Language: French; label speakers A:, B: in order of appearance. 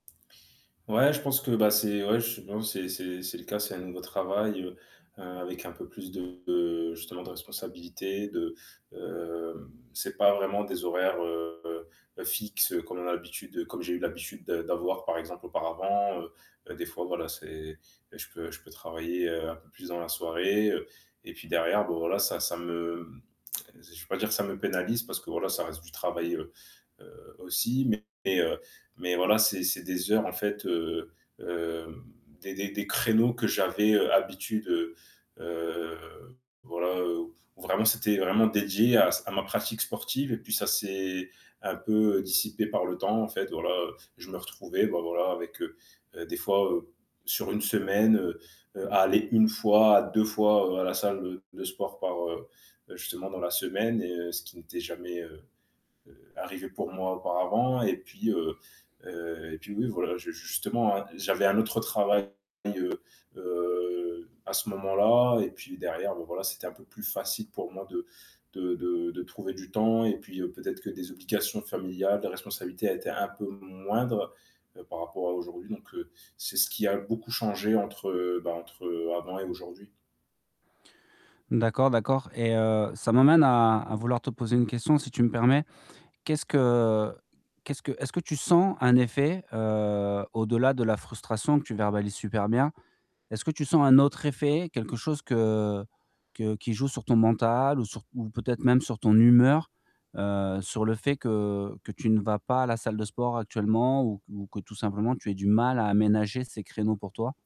A: Ouais, je pense que, bah, c'est ouais, je sais p c'est c'est c'est le cas, c'est un nouveau travail, heu, heu, avec un peu plus de justement de responsabilités, de, heu, c'est pas vraiment des horaires, heu, fixes comme on a l'habitude comme j'ai eu l'habitude d'avoir par exemple auparavant, heu, heu, des fois voilà c'est je peux je peux travailler, heu, un peu plus dans la soirée, heu, et puis derrière bon voilà ça ça me je vais pas dire ça me pénalise parce que voilà ça reste du travail, heu, aussi mais heu, mais voilà c'est c'est des heures en fait, heu heu, des des des créneaux que j'avais, heu, habitude, heu, heu voilà, heu, où vraiment c'était vraiment dédié à à ma pratique sportive et puis ça s'est un peu dissipé par le temps en fait, voilà, heu, je me retrouvais, bah, voilà avec, heu, heu, des fois sur une semaine, heu, heu, à aller 1 fois à 2 fois à la salle de sport par, heu, justement dans la semaine et ce qui n'était heu, heu, jamais arrivé pour moi auparavant et puis, heu heu et puis oui voilà j justement j'avais un autre travail, heu heu, à ce moment-là et puis derrière bon voilà c'était un peu plus facile pour moi de de de trouver du temps et puis peut-être que des obligations familiales, des responsabilités étaient un peu moindres par rapport à aujourd'hui donc heu, c'est ce qui a beaucoup changé entre, bah, entre avant et aujourd'hui.
B: D'accord, d'accord et heu, ça m'amène à à vouloir te poser une question si tu me permets: qu'est-ce que qu'est-ce que est-ce que tu sens un effet, heu, au-delà de la frustration que tu verbalises super bien? Est-ce que tu sens un autre effet, quelque chose que que qui joue sur ton mental ou sur ou peut-être même sur ton humeur, heu, sur le fait que que tu ne vas pas à la salle de sport actuellement ou q ou que tout simplement tu aies du mal à aménager ces créneaux pour toi?